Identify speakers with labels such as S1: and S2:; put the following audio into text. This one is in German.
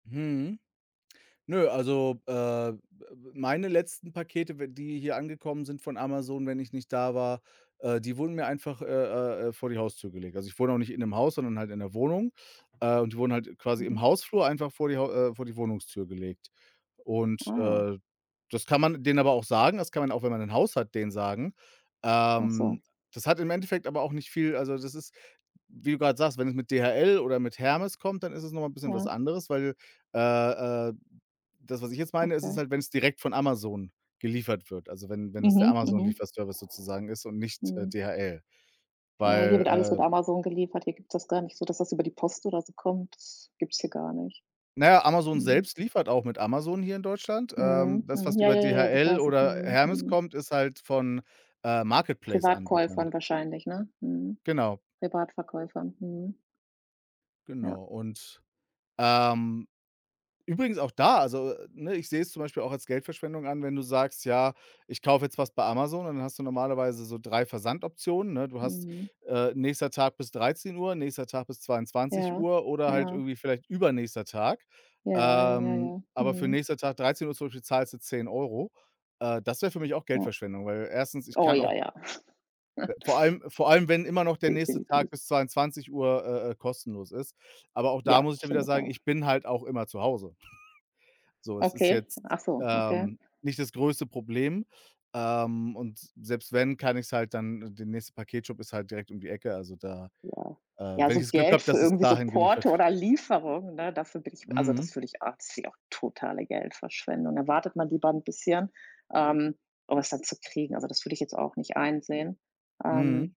S1: Mhm. Nö, also, äh, m äh, meine letzten Pakete, w die hier angekommen sind von Amazon, wenn ich nicht da war, äh, die wurden mir einfach, äh, äh, äh, vor die Haustür gelegt. Also, ich wohne auch nicht in 'nem Haus, sondern halt in 'ner Wohnung, äh, und die wurden halt quasi im
S2: Mhm.
S1: Hausflur einfach vor die Hau äh, vor die Wohnungstür gelegt. Und,
S2: Oh.
S1: äh, das kann man denen aber auch sagen das kann man auch, wenn man 'n Haus hat, denen sagen
S2: Ach
S1: ähm,
S2: so.
S1: das hat im Endeffekt aber auch nicht viel also das ist, wie du grad sagst, wenn es mit DHL oder mit Hermes kommt, dann ist es noch mal 'n bisschen was
S2: Ja.
S1: anderes, weil, äh, äh, d das, was ich jetzt meine, ist es
S2: Okay.
S1: halt, wenn's direkt von Amazon geliefert wird, also wenn wenn es der
S2: Mhm, mhm.
S1: Amazon-Lieferservice sozusagen ist und nicht, äh,
S2: Mhm.
S1: DHL,
S2: Ja, hier wird alles mit
S1: weil, äh
S2: Amazon geliefert. Hier gibt's das gar nicht so, dass das über die Post oder so kommt. Das gibt's hier gar nicht.
S1: Na ja, Amazon
S2: Mhm.
S1: selbst liefert auch mit Amazon hier in Deutschland.
S2: Mhm,
S1: Ähm, das,
S2: mhm.
S1: was
S2: Ja,
S1: über
S2: ja, ja, ja, das
S1: DHL
S2: weiß ich.
S1: oder
S2: Mhm,
S1: Hermes
S2: mhm.
S1: kommt, ist halt von, äh,
S2: Privatkäufern
S1: Marketplace-Anbietern.
S2: wahrscheinlich, ne? Mhm.
S1: Genau.
S2: Privatverkäufer. Mhm. Ja.
S1: Genau. Und, ähm, übrigens auch da also, ne, ich sehe es zum Beispiel auch als Geldverschwendung an, wenn du sagst: „Ja, ich kaufe jetzt was bei Amazon", dann hast du normalerweise so 3 Versandoptionen, ne? Du hast,
S2: Mhm.
S1: äh, nächster Tag bis 13:00, nächster Tag bis zweiundzwanzig
S2: Ja,
S1: Uhr oder halt
S2: ja.
S1: irgendwie vielleicht übernächster Tag.
S2: Ja, ja, ja,
S1: Ähm,
S2: ja.
S1: aber für
S2: Mhm.
S1: nächster Tag 13:00, zum Beispiel, zahlst du 10 € äh, das wäre für mich auch
S2: Ja.
S1: Geldverschwendung, weil 1. ich
S2: Oh
S1: kann
S2: ja,
S1: auch
S2: ja.
S1: v vor allem vor allem, wenn immer noch der nächste Tag
S2: Definitiv.
S1: bis 22:00, äh, äh, kostenlos ist, aber auch da
S2: Ja,
S1: muss ich dann wieder
S2: finde ich
S1: sagen,
S2: auch.
S1: ich bin halt auch immer zu Hause. So, es ist
S2: Okay,
S1: jetzt,
S2: ach so, okay.
S1: ähm, nicht das größte Problem, ähm, und selbst wenn, kann ich es halt dann der nächste Paketshop ist halt direkt um die Ecke, also da
S2: Ja.
S1: äh,
S2: Ja,
S1: wenn ich
S2: so
S1: das Glück
S2: Geld
S1: habe,
S2: für
S1: dass es
S2: irgendwie so
S1: dahin
S2: Porto
S1: geliefert
S2: oder
S1: wird.
S2: Lieferung, ne, dafür bin ich also, das
S1: Mhm.
S2: fühle ich a finde ich auch totale Geldverschwendung, da wartet man lieber 'n bisschen, ähm, um es dann zu kriegen. Also, das würde ich jetzt auch nicht einsehen.
S1: Mhm.
S2: Ähm